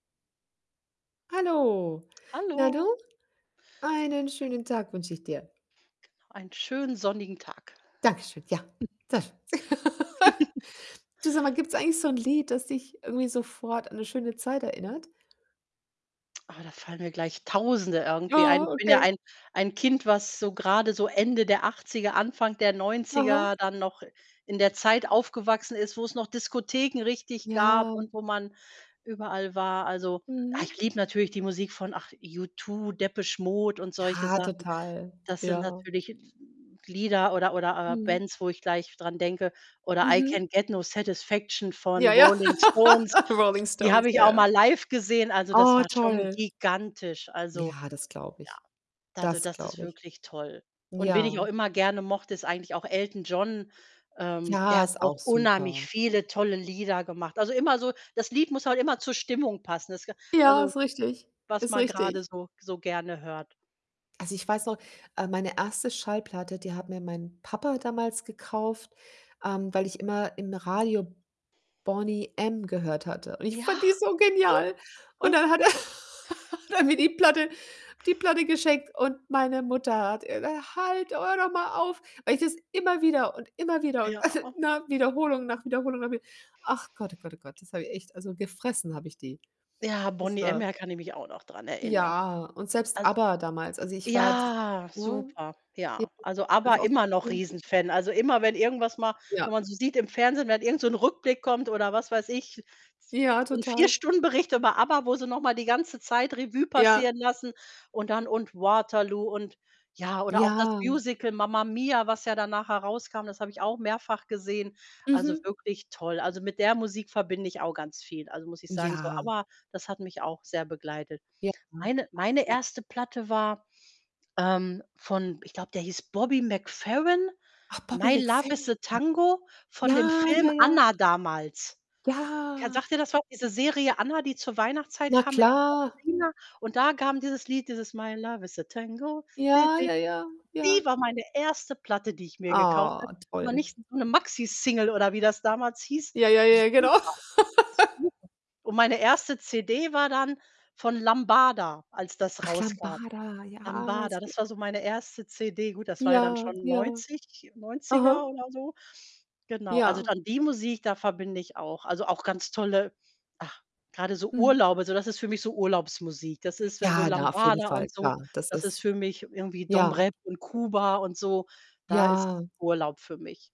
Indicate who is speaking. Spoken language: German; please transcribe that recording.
Speaker 1: Hallo, Na du?
Speaker 2: Hallo.
Speaker 1: Einen schönen Tag wünsche ich dir.
Speaker 2: Genau, einen schönen sonnigen Tag.
Speaker 1: Danke schön, ja. [unintelligible] Du sag mal, gibt's eigentlich so 'n Lied, das dich irgendwie sofort an 'ne schöne Zeit erinnert?
Speaker 2: Ah, da fallen mir gleich Tausende irgendwie ein.
Speaker 1: Oh,
Speaker 2: Ich bin ja
Speaker 1: okay.
Speaker 2: ein ein Kind, was so grade so Ende der 80er, Anfang der
Speaker 1: Aha.
Speaker 2: 90er, dann noch in der Zeit aufgewachsen ist, wo's noch Diskotheken richtig gab
Speaker 1: Ja.
Speaker 2: und wo man überall war. Also, ah,
Speaker 1: Mhm.
Speaker 2: ich liebe natürlich die Musik von, ach U2, Depeche Mode und solche
Speaker 1: Ja,
Speaker 2: Sachen.
Speaker 1: total.
Speaker 2: Das sind
Speaker 1: Ja.
Speaker 2: natürlich n n Lieder oder oder, äh,
Speaker 1: Mhm.
Speaker 2: Bands, wo ich gleich dran denke. Oder „I Can
Speaker 1: Mhm.
Speaker 2: Get No Satisfaction“ von
Speaker 1: Ja, ja.
Speaker 2: Rolling Stones.
Speaker 1: Rolling
Speaker 2: Die
Speaker 1: Stones,
Speaker 2: habe ich
Speaker 1: ja,
Speaker 2: auch
Speaker 1: ja.
Speaker 2: mal live gesehen. Also, das
Speaker 1: Oh,
Speaker 2: war schon
Speaker 1: toll.
Speaker 2: gigantisch. Also,
Speaker 1: Ja, das glaube
Speaker 2: ja,
Speaker 1: ich.
Speaker 2: also,
Speaker 1: Das
Speaker 2: das ist
Speaker 1: glaube ich.
Speaker 2: wirklich toll. Und wen ich auch
Speaker 1: Ja.
Speaker 2: immer gerne mochte, ist eigentlich auch Elton John. Ähm,
Speaker 1: Ja,
Speaker 2: der hat
Speaker 1: ist
Speaker 2: auch
Speaker 1: auch
Speaker 2: unheimlich
Speaker 1: super.
Speaker 2: viele tolle Lieder gemacht. Also, immer so das Lied muss halt immer zur Stimmung passen. Das ga
Speaker 1: Ja,
Speaker 2: also,
Speaker 1: ist richtig,
Speaker 2: was
Speaker 1: ist
Speaker 2: man grade
Speaker 1: richtig.
Speaker 2: so so gerne hört.
Speaker 1: Also, ich weiß noch, äh, meine 1. Schallplatte, die hat mir mein Papa damals gekauft, ähm, weil ich immer im Radio Boney M. gehört hatte. Und ich fand
Speaker 2: Ja.
Speaker 1: die so genial. Und dann hat er hat er mir die Platte die Platte geschenkt und meine Mutter hat: [unintelligible] „Halt, hör doch mal auf“, weil ich das immer wieder und immer wieder und
Speaker 2: Ja.
Speaker 1: also, ne? Wiederholung nach Wiederholung habe ich ach Gott, oh Gott, oh Gott. Das habe ich echt also, gefressen hab ich die.
Speaker 2: Ja,
Speaker 1: Das
Speaker 2: Boney M.,
Speaker 1: war
Speaker 2: ja, kann ich mich auch noch dran erinnern.
Speaker 1: Ja und selbst
Speaker 2: Also
Speaker 1: ABBA damals. Also ich war d
Speaker 2: ja,
Speaker 1: ne?
Speaker 2: super, ja. Also,
Speaker 1: [unintelligible]
Speaker 2: ABBA
Speaker 1: einfach auch so
Speaker 2: immer noch
Speaker 1: schön.
Speaker 2: riesen
Speaker 1: [unintelligible]
Speaker 2: Fan. Also immer, wenn irgendwas mal
Speaker 1: Ja.
Speaker 2: wenn man so sieht im Fernsehen wenn irgend so 'n Rückblick kommt, oder was weiß ich,
Speaker 1: Ja,
Speaker 2: so 'n 4
Speaker 1: total.
Speaker 2: Stunden Bericht über ABBA, wo sie noch mal die ganze Zeit Revue
Speaker 1: Ja.
Speaker 2: passieren lassen und dann und „Waterloo“ und ja oder auch das
Speaker 1: Ja.
Speaker 2: Musical „Mamma Mia“, was ja danach herauskam, das habe ich auch mehrfach gesehen. Also,
Speaker 1: Mhm.
Speaker 2: wirklich toll. Also, mit der Musik verbinde ich auch ganz viel, also, muss ich sagen. So,
Speaker 1: Ja.
Speaker 2: ABBA, das hat mich auch sehr begleitet.
Speaker 1: Ja.
Speaker 2: Meine meine
Speaker 1: [unintelligible]
Speaker 2: 1. Platte war, ähm, von ich glaube, der hieß Bobby McFerrin,
Speaker 1: Ach, Bobby
Speaker 2: „My love is a
Speaker 1: McFerrin.
Speaker 2: tango“, von dem
Speaker 1: Ja,
Speaker 2: Film
Speaker 1: ja, ja.
Speaker 2: „Anna“ damals. Ken
Speaker 1: Ja.
Speaker 2: sagt dir das was? Diese Serie „Anna“, die zur Weihnachtszeit
Speaker 1: Na
Speaker 2: kam mit
Speaker 1: klar.
Speaker 2: [unintelligible] und da kam dieses Lied, dieses „My love is a tango.“ Di
Speaker 1: Ja,
Speaker 2: di.
Speaker 1: ja, ja,
Speaker 2: Und die
Speaker 1: ja.
Speaker 2: war meine 1. Platte, die ich mir gekauft
Speaker 1: Ah,
Speaker 2: habe. Aber
Speaker 1: toll.
Speaker 2: nicht so 'ne Maxi Single, oder wie das damals hieß.
Speaker 1: Ja, ja, ja, genau.
Speaker 2: Super. Super. Und meine 1. CD war dann von Lambada, als das
Speaker 1: Ach,
Speaker 2: rauskam.
Speaker 1: Lambada. Ja, es
Speaker 2: Lambada,
Speaker 1: geht
Speaker 2: das war so meine 1. CD. Gut, das war ja dann
Speaker 1: Ja,
Speaker 2: schon
Speaker 1: ja.
Speaker 2: 90 90er
Speaker 1: Aha.
Speaker 2: oder so. Genau, also
Speaker 1: Ja.
Speaker 2: dann die Musik, da verbinde ich auch also, auch ganz tolle ach, grade so
Speaker 1: Mhm.
Speaker 2: Urlaube. So, das ist für mich so Urlaubsmusik. Das ist, wenn so
Speaker 1: Ja, na, auf jeden
Speaker 2: Lambada
Speaker 1: Fall,
Speaker 2: und so,
Speaker 1: klar. Das
Speaker 2: das ist
Speaker 1: ist
Speaker 2: für mich irgendwie Dom
Speaker 1: ja.
Speaker 2: Rep und Kuba und so. Da ist
Speaker 1: Ja.
Speaker 2: Urlaub für mich.